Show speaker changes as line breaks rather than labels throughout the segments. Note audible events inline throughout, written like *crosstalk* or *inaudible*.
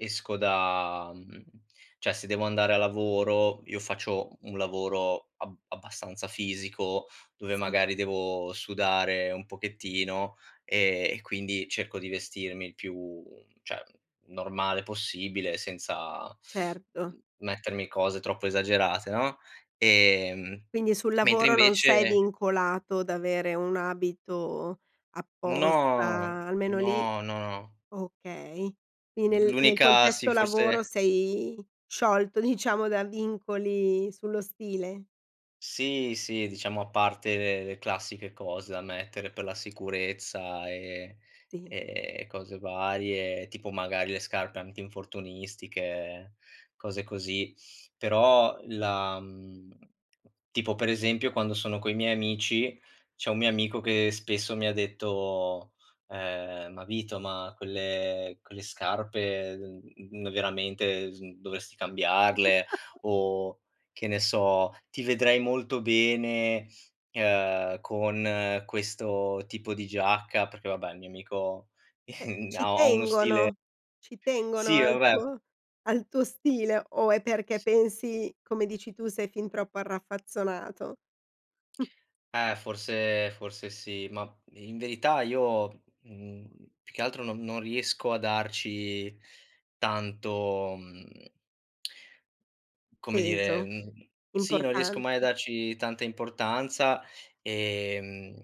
Esco da mhmm, cioè, se devo andare a lavoro io faccio u un lavoro ab abbastanza fisico, dove,
Sì.
magari, devo sudare un pochettino, ehm, e quindi cerco di vestirmi il più cioè, normale possibile, senza,
Certo.
mhmm, mettermi cose troppo esagerate, no, ehm,
Quindi, sul
mentre
lavoro non sei
invece
vincolato da avere un abito
No,
apposta, almeno lì
no, no.
Okay. Quindi
Mh,
nel nel
l'unica sì
contesto lavoro,
forse
sei sciolto, diciamo, da vincoli sullo stile?
Sì, sì, diciamo, a parte, ehm, le classiche cose da mettere per la sicurezza e
Ti
ehm, e cose varie. Tipo, magari, le scarpe antinfortunistiche, cose così. Però, la mhmm tipo, per esempio, quando sono coi miei amici, c'è un mio amico che spesso mi ha detto, ehm: "Ma Vito, ma quelle quelle scarpe, mhmm, veramente s dovresti cambiarle."
*chuckles*
O, che ne so: "Ti vedrei molto bene, ehm, con questo tipo di giacca." Perché vabbè, il mio amico,
Beh,
*chuckles* ha
ci
ha uno stile
tengono ci tengono
Sì,
al
vabbè
tuo al tuo stile, o è perché pensi, come dici tu, sei fin troppo arraffazzonato? *chuckles*
Eh, forse forse sì. Ma, i in verità io, mhmm, più che altro non non riesco a darci tanto, mhmm come dire,
Peso.
mhmm, sì, non riesco mai a
Importanza.
darci tanta importanza. Ehm,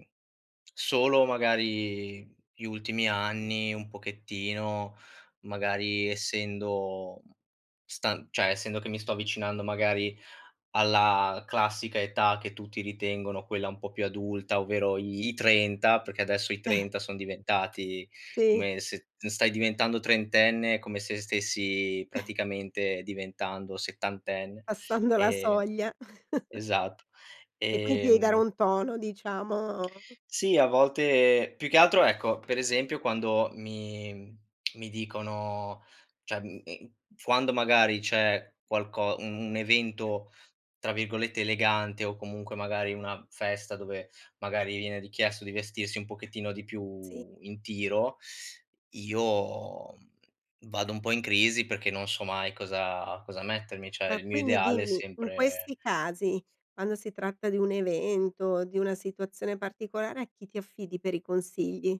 solo, magari, gli ultimi anni un pochettino. Magari, essendo stan cioè, essendo che mi sto avvicinando, magari, alla classica età che tutti ritengono quella un po' più adulta. Ovvero i i 30 perché adesso i
Eh.
30 son diventati
Sì.
come se t stai diventando trentenne, è come se stessi,
*chuckles*
praticamente, diventando settantenne.
Passando la
Ehm
soglia. *chuckles*
Esatto.
E quindi, ti devi dare
Ehm
un tono, diciamo.
Sì, a volte più che altro ecco, per esempio, quando mi mi dicono cioè, mh, ehm, quando, magari, c'è qualco un un evento, tra virgolette, elegante o, comunque, magari, una festa dove, magari, viene richiesto di vestirsi un pochettino di
Sì.
più in tiro, io, mhmm, vado un po' in crisi, perché non so mai cosa cosa mettermi, cioè,
Ma
il mio
quindi,
ideale è
dimmi, in
sempre
questi casi, quando si tratta di un evento, o di una situazione particolare, a chi ti affidi per i consigli?